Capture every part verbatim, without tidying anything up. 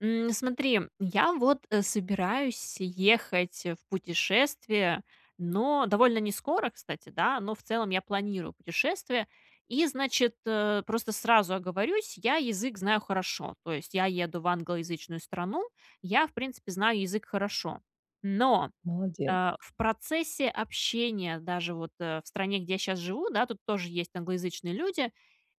М, смотри. Я вот, э, собираюсь ехать, э, в путешествие, но довольно не скоро, кстати, да, но в целом я планирую путешествие. И, значит, э, просто сразу оговорюсь: я язык знаю хорошо. То есть, я еду в англоязычную страну. Я в принципе знаю язык хорошо. Но, Молодец. а, в процессе общения, даже вот, э, в стране, где я щас живу, да, тут тоже есть англоязычные люди,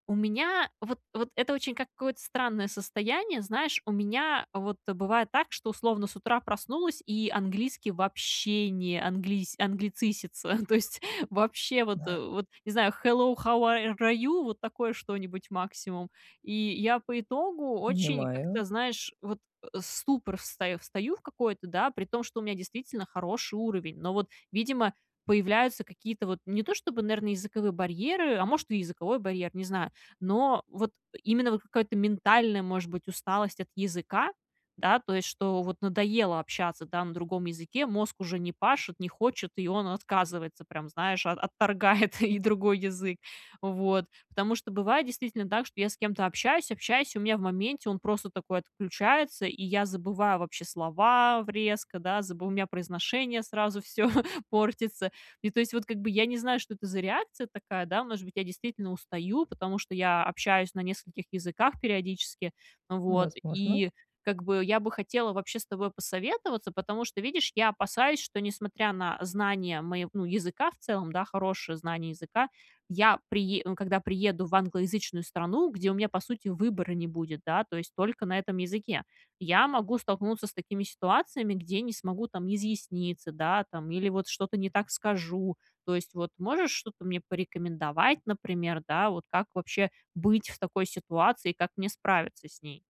у меня вот вот это очень какое-то странное состояние. Знаешь, у меня вот бывает так, что, условно, с утра проснулась, и английский вообще не английс англицисится. То есть, вообще вот Да. вот не знаю. "Hello, how ar are you?"- вот такое что-нибудь максимум. И я по итогу очень Понимаю. как-то, знаешь, вот, э, в ступор встаё встаю в какой-то, да, при том, что у меня действительно хороший уровень. Но, вот, видимо, появляются какие-то, вот, не то, чтобы, наэрно, языковые барьеры, а, может, и языковой барьер, не знаю, но вот, э, именно, вот, какая-то ментальная, может быть, усталость от языка, да. То есть, что, вот, надоело общаться, да, на другом языке, мозг уже не пашет, не хочет, и он отказывается, прям, знаешь, от отторгает и другой язык. Вот. Потому что бывает действительно, да, что я с кем-то общаюсь, общаюсь, и у меня в моменте он просто такой отключается, и я забываю вообще слова в резко, да, забу у меня произношение сразу всё портится. И то есть, вот, как бы я не знаю, что это за реакция такая, да. Может быть, я действительно устаю, потому что я общаюсь на нескольких языках периодически. Вот. Возможно. И, как бы, я бы хотела вообще с тобой посоветоваться. Потому что, видишь, я опасаюсь, что, несмотря на знание мое ну, языка в целом, да, хорошее знание языка, я прие ну, когда приеду в англоязычную страну, где у меня, по сути, выбора не будет, да, то есть только на этом языке. Я могу столкнуться с такими ситуациями, где не смогу там изъясниться, да, там, или вот что-то не так скажу. То есть, вот, можешь что-то мне порекомендовать, например, да, вот как вообще быть в такой ситуации и как мне справиться с ней?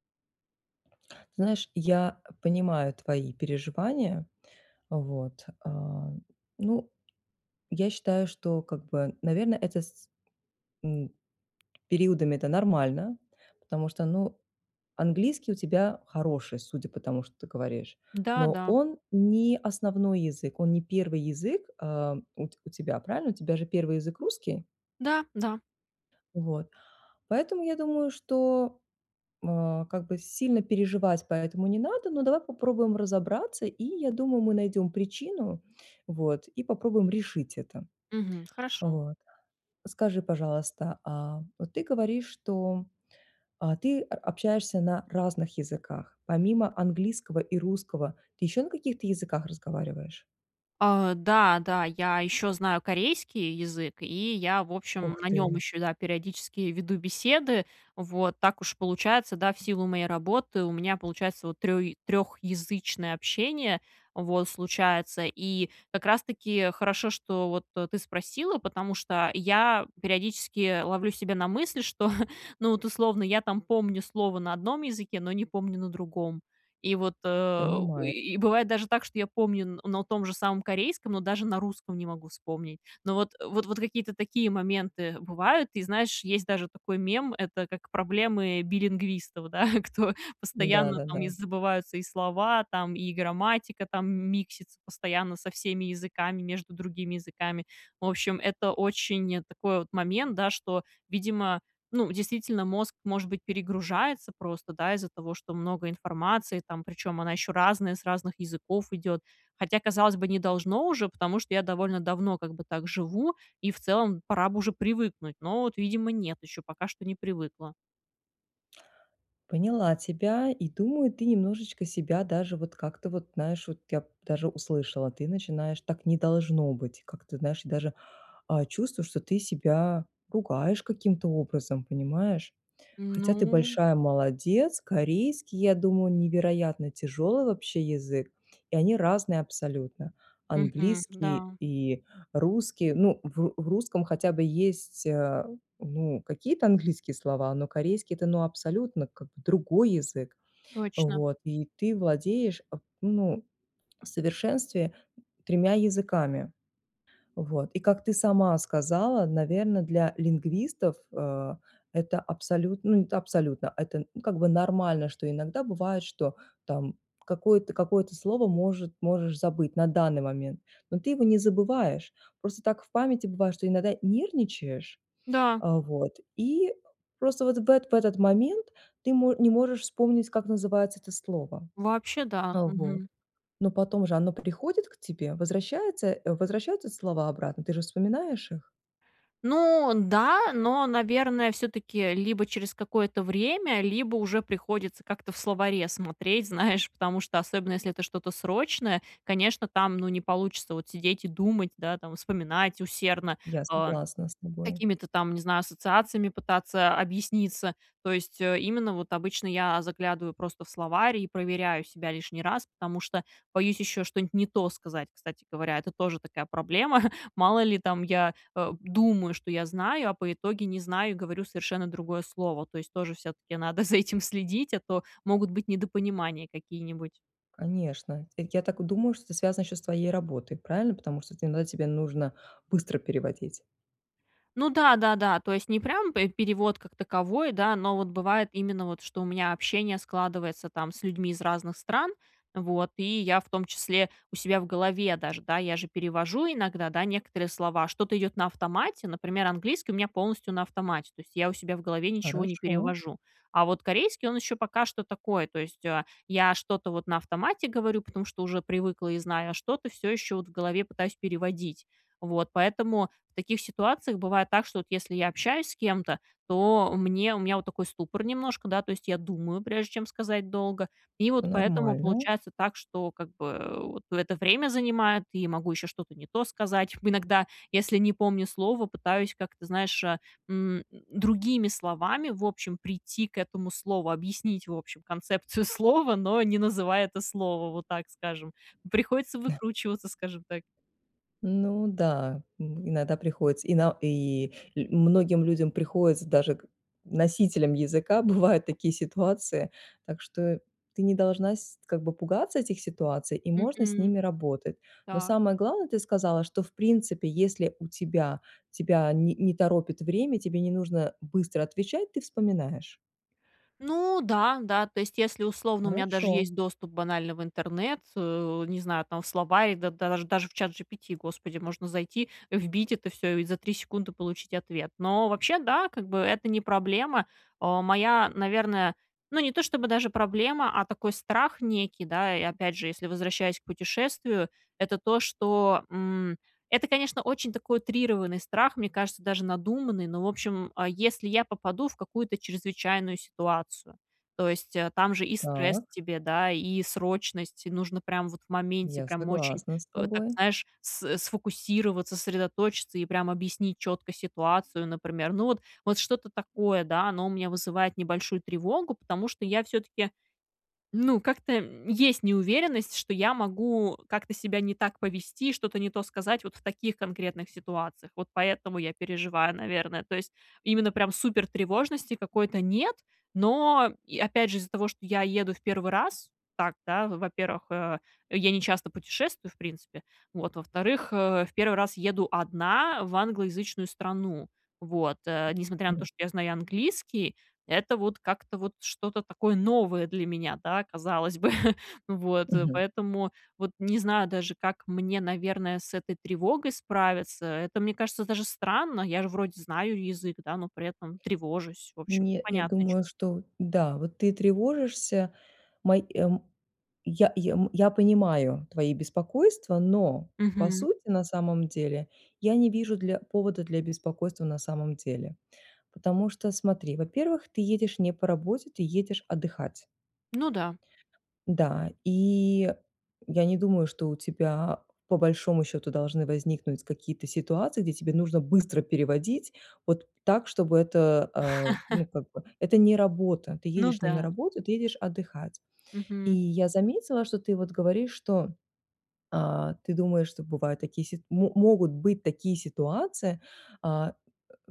Знаешь, я понимаю твои переживания. Вот, а. Ну, я считаю, что как бы, наверно, это с с м, периодами это нормально. Потому что, ну, английский у тебя хороший, судя по тому, что ты говоришь. Да, Но да. он не основной язык, он не первый язык, а, у т у тебя, правильно? У тебя же первый язык русский? Да, да. Вот. Поэтому, я думаю что, а, как бы сильно переживать по этому не надо, но давай попробуем разобраться и, я думаю, мы найдем причину. Вот. И попробуем решить это. Мгм. Хорошо. Вот. Скажи пожалуйста, а, вот ты говоришь, что, а, ты о общаешься на разных языках. Помимо английского и русского, ты еще на каких-то языках разговариваешь? А, да, да, я еще знаю корейский язык, и я, в Ух общем, на нем ты. еще, да, периодически веду беседы, вот. Так уж получается, да, в силу моей работы у меня получается вот трё трехязычное общение вот, случается. И как раз таки хорошо, что, вот, э, ты спросила, потому что я периодически ловлю себя на мысли, что, ну, от, условно, я там помню слово на одном языке, но не помню на другом. И вот, э, и Понимаю. и и бывает даже так, что я помню на том же самом корейском, но даже на русском не могу вспомнить. Ну вот, вот вот какие-то такие моменты бывают. И знаешь, есть даже такой мем, это как проблемы билингвистов, да, кто Да, постоянно, да, там, да. забываются и слова, там, и грамматика, там, миксится постоянно со всеми языками, между другими языками. В общем, это очень, э, такой вот момент, да, что, видимо, ну, действительно, мозг, может быть, перегружается просто, да, из-за того, что много информации там, причем она еще разная, с разных языков идет. Хотя, казалось бы, не должно уже, потому что я довольно давно как бы так живу, и в целом пора бы уже привыкнуть. Но вот, видимо, нет еще, пока что не привыкла. Поняла тебя, и думаю ты немножечко себя даже вот как-то вот наешь, вот я даже услышала, ты начинаешь, так не должно быть, как-то знаешь, даже, э, чувствую, что ты себя ругаешь каким-то образом, понимаешь. Хотя ты Ну. большая молодец, корейский, я думаю, невероятно тяжёлый вообще язык, и они разные абсолютно: Мгм, английский да. и русский ну в в русском хотя бы есть, э, ну, какие-то английские слова, но корейский это ну абсолютно к другой язык. Точно. Вот, и ты владеешь, ну, в совершенстве тремя языками. Вот, и как ты сама сказала, наверное для лингвистов, э, это абсолютно абсолютн ну, это абсолютно, это как бы нормально что иногда бывает что там какое-то какое-то слово может можешь забыть на данный момент, но ты его не забываешь. Просто так в памяти бывает, что иногда нервничаешь, Да. а, вот, и просто вот в эт в этот момент ты мо не можешь вспомнить, как называется это слово. Вообще да, А, вот. мгм. Но потом же оно приходит к тебе, возвращается возвращаются слова обратно, ты же вспоминаешь их? Ну да, но, наверное, всё-таки, либо через какое-то время, либо уже приходится как-то в словаре смотреть, знаешь, потому что, особенно если это что-то срочное, конечно, там ну не получится, вот, сидеть и думать, да, там, вспоминать усердно, Я э, согласна с тобой. какими-то там, не знаю, ассоциациями пытаться объясниться. То есть, э, именно вот обычно я заглядываю просто в словарь, и проверяю себя лишний раз, потому что боюсь еще что-нибудь не то сказать, кстати говоря, это тоже такая проблема мало ли там я, э, думаю что я знаю, а по итоги не знаю говорю совершенно другое слово. То есть тоже всё-таки надо за этим следить, а то могут быть недопонимания какие-нибудь. Конечно, я так и думаю, что это связано еще с твоей работой, правильно? Потому что ты иногда тебе нужно быстро переводить. Ну да, да, да, то есть не прям п перевод как таковой, да. Но вот бывает именно вот, что у меня общение складывается, там, с людьми из разных стран, вот, и я в том числе у себя в голове даже, да, я же перевожу иногда, да, некоторые слова, что-то идет на автомате, например, английский у меня полностью на автомате, то есть, я у себя в голове ничего не Хорошо. перевожу. А вот корейский, он еще пока что такое, то есть, а, я что-то вот на автомате говорю, потому что уже привыкла и знаю, а что-то всё еще вот в голове пытаюсь переводить. Вот. Поэтому в таких ситуациях бывает так, что вот, если я общаюсь с кем-то, то мне у меня вот такой ступор немножко, да, то есть, я думаю, прежде чем сказать долго, и вот поэтому Нормально. получается так, что как бы, а, вот, это время занимает, и я могу еще что-то не то сказать. Иногда, если не помню слово, пытаюсь как-то, знаешь, а, м, другими словами в общем прийти к этому слову, объяснить в общем концепцию слова, но не называя это слово, вот так скажем. Приходится выкручиваться, скажем так. Ну да, иногда приходится, и на и лю многим людям приходится, даже к носителям языка, бывают такие ситуации, так что ты не должна с как бы пугаться этих ситуаций, и можно с Мгм, ними работать. Но так. самое главное, ты сказала, что в принципе, если у тебя тебя не не торопит время, тебе не нужно быстро отвечать, ты вспоминаешь. Ну да, да, то есть, если, условно, у меня даже Хорошо. есть доступ банально в интернет, э, не знаю, там, в слова и даж даже в ChatGPT, господи, можно зайти, вбить это всё и за три секунды получить ответ. Но вообще, да, как бы, это не проблема. Э, моя, наверное, ну, не то, чтобы даже проблема, а такой страх некий, да, и, опять же, если возвращаясь к путешествию- это то, что, м это, конечно, очень такой утрированный страх, мне кажется, даже надуманный, но, в общем, э, если я попаду в какую-то чрезвычайную ситуацию, то есть, э, там же и стресс Так. тебе, да, и срочность, и нужно прям вот в моменте, Я прям очень, согласна с э, так тобой. знаешь, с сфокусироваться, сосредоточиться и прям объяснить четко ситуацию, например. Ну, вот вот что-то такое, да, оно у меня вызывает небольшую тревогу, потому что я всё-таки ну, как-то, м, есть неуверенность, что я могу как-то себя не так повести, что-то не то сказать вот в таких конкретных ситуациях. Вот поэтому я переживаю, наверное. То есть, именно прям супер тревожности какой-то нет, но, и опять же, из-за того, что я еду в первый раз, так, да, во-первых, э, я не часто путешествую, в принципе, вот, во-вторых, э, в первый раз еду одна в англоязычную страну, вот, э. Несмотря на то, [unintelligible] что я знаю английский, это вот как-то вот что-то такое новое для меня, да, казалось бы. Вот. Мгм. Поэтому вот не знаю даже, как мне, наверное, с этой тревогой справиться. Это, мне кажется, даже странно. Я же вроде знаю язык, да, но при этом тревожусь. В общем, Не я непонятное думаю, чувство. что да, вот ты тревожишься мои мо я я я понимаю твои беспокойства, но по Мгм. сути на самом деле я не вижу дл повода для беспокойства на самом деле. Потому что, смотри, во-первых, ты едешь не по работе, ты едешь отдыхать. Ну да. Да, и я не думаю, что у тебя по большому счёту должны возникнуть какие-то ситуации, где тебе нужно быстро переводить, вот так, чтобы это, э. Ну как бы, это не работа, ты Ну едешь не на да. работу, ты едешь отдыхать. И Мгм. я заметила, что ты вот говоришь, что, а, ты думаешь, что бывают такие си мо могут быть такие ситуации, а,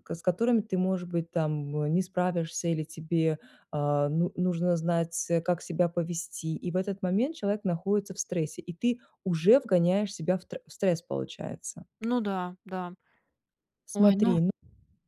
к с которыми ты, может быть, там, э, не справишься или тебе, а, ну нужно знать, как себя повести, и в этот момент человек находится в стрессе, и ты уже вгоняешь себя в тр стресс, получается. Ну да, да. Ой, ну Смотри, ну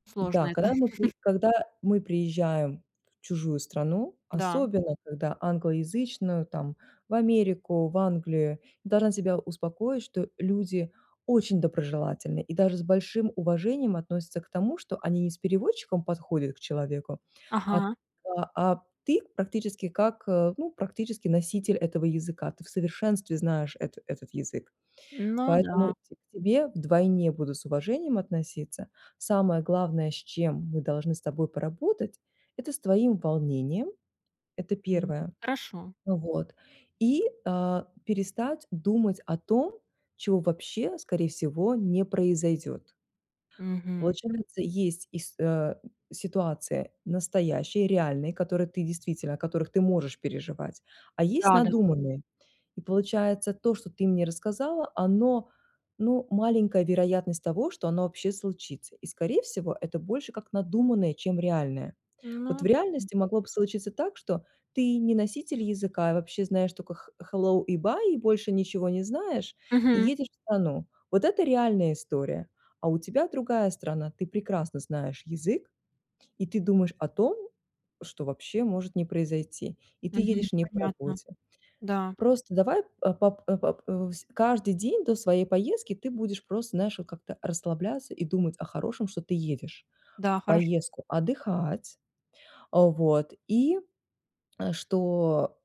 сложно да, это. когда мы ты когда мы приезжаем в чужую страну, Да. особенно когда англоязычную, там в Америку, в Англию, я должна тебя успокоить, что люди очень доброжелательные, и даже с большим уважением относятся к тому, что они не с переводчиком подходят к человеку, а Ага. а а ты практически как, ну, практически носитель этого языка, ты в совершенстве знаешь эт этот язык. Ну Поэтому да. к тебе вдвойне будут с уважением относиться. Самое главное, с чем мы должны с тобой поработать- это с твоим волнением, это Мгм, первое. хорошо. Вот, и, э, перестать думать о том, чего вообще скорее всего не произойдёт. Мгм. Получается есть ис э, ситуации настоящие, реальные, которые ты действительно, о которых ты можешь переживать, а есть Да, да. надуманные. И получается то, что ты мне рассказала, оно, ну, маленькая вероятность того, что оно вообще случится. И, скорее всего, это больше как надуманное, чем реальное. Вот в Ну да. реальности могло бы случиться так, что ты не носитель языка, а вообще знаешь только х hello и bye, и больше ничего не знаешь, и Мгм. едешь в страну. Вот это реальная история, а у тебя другая страна, ты прекрасно знаешь язык, и ты думаешь о том, что вообще может не произойти, и ты Мгм, едешь не по понятно. работе. Да. Просто давай по пап по пап каждый день до своей поездки ты будешь просто, знаешь, как-то расслабляться и думать о хорошем, что ты едешь Да, в хорошо. поездку отдыхать, э, вот, и что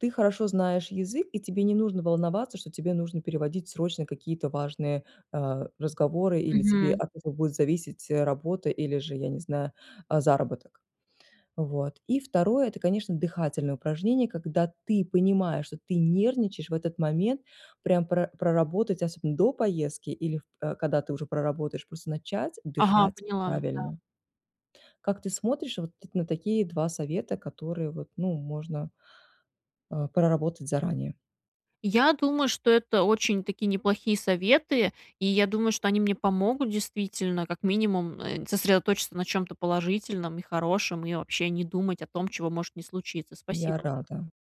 ты хорошо знаешь язык, и тебе не нужно волноваться, что тебе нужно переводить срочно какие-то важные, э, разговоры или тебе Мгм. от этого будет зависеть работа или же, я не знаю, заработок. Вот. И второе- это, конечно, дыхательное упражнение, когда ты понимаешь, что ты нервничаешь в этот момент, прям про проработать, особенно, до поездки или в када ты уже проработаешь, просто начать Ага, дышать поняла, да. правильно. Как ты смотришь вот на такие два совета, которые, вот, ну, можно, э, проработать заранее? Я думаю, что это очень-таки неплохие советы, и я думаю, что они мне помогут, действительно, как минимум, э, нь сосредоточиться на чем-то положительном и хорошем, и вообще не думать о том, чего может не случиться. Я Спасибо. рада.